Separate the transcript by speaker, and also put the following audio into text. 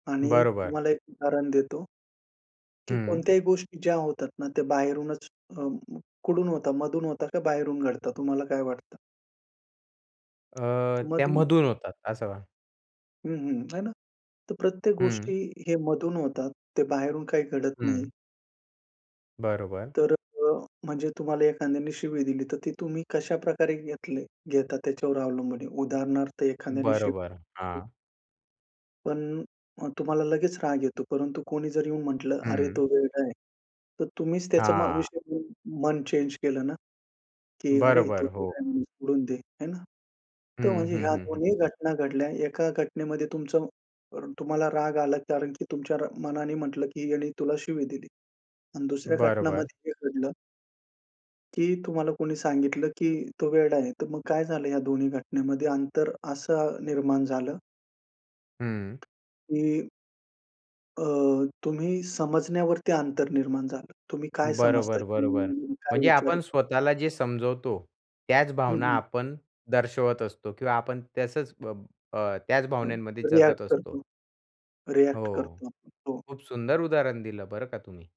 Speaker 1: आणि
Speaker 2: बरोबर.
Speaker 1: तुम्हाला एक उदाहरण देतो. की
Speaker 2: हं.
Speaker 1: कोणत्याही गोष्टी ज्या होतात ना. ते बाहेरूनच अ कुठून होता मधून होता का बाहेरून घडतात तुम्हाला काय वाटतं?
Speaker 2: अ,
Speaker 1: त
Speaker 2: त्या
Speaker 1: मधून
Speaker 2: मधूळ होतात असं.
Speaker 1: हं, हं. आहे ना. तर प्रत्येक
Speaker 2: हं.
Speaker 1: गोष्टी हे मधून होतात. ते बाहेरून काही घडत नाही.
Speaker 2: हं. बरोबर.
Speaker 1: तर अ, म्हणजे तुम्हाला एखाद्याने शिवी दिली, तर ती तुम्ही कशा प्रकारे घेतले घेता त्याच्यावर अवलंबून आहे. उदाहरणार्थ एखाद्याने शिवी
Speaker 2: बरोबर,
Speaker 1: दिली
Speaker 2: हां.
Speaker 1: पण अ, तुम्हाला लगेच राग येतो. परंतु कोणी जर येऊन म्हटलं "अरे
Speaker 2: हं.
Speaker 1: तो वेडा आहे" तर तुम्हीच त्याचा मग
Speaker 2: हां.
Speaker 1: विषय घेऊन, मन चेंज केलं ना, की अरे तो
Speaker 2: बरोबर,
Speaker 1: वेडा
Speaker 2: हो.
Speaker 1: आहे म्हणून सोडून दे आहे ना.
Speaker 2: हं,
Speaker 1: तर म्हणजे
Speaker 2: हं,
Speaker 1: ह्या
Speaker 2: हं, हं.
Speaker 1: दोन्ही घटना घडल्या एका घटनेमध्ये तुमचं तुम्हाला राग आला कारण की तुमच्या मनाने म्हटलं की ह्यानी तुला शिवी दिली आणि दुसऱ्या
Speaker 2: बरोबर.
Speaker 1: घटनामध्ये हे घडलं. की तुम्हाला कोणी सांगितलं, की "तो वेडा आहे." तर मग काय झालं या दोन्ही घटनेमध्ये अंतर असं निर्माण झालं
Speaker 2: हं.
Speaker 1: की अ, तुम्ही समजण्यावरती अंतर निर्माण झालं. तुम्ही काय समजता?
Speaker 2: बरोबर, बरोबर.
Speaker 1: तुम्ही काय
Speaker 2: म्हणजे
Speaker 1: विचार
Speaker 2: आपण
Speaker 1: करता?
Speaker 2: स्वतःला जे समजवतो. त्याच
Speaker 1: हं,
Speaker 2: भावना
Speaker 1: हं.
Speaker 2: आपण दर्शवत असतो किंवा आपण तसच अ, अ, त्याच
Speaker 1: हं,
Speaker 2: भावनांमध्ये
Speaker 1: रिएक्ट
Speaker 2: जगत
Speaker 1: करतो
Speaker 2: असतो.
Speaker 1: रिएक्ट
Speaker 2: हो.
Speaker 1: करतो. हो.
Speaker 2: खूप सुंदर उदाहरण दिलं बरं का तुम्ही.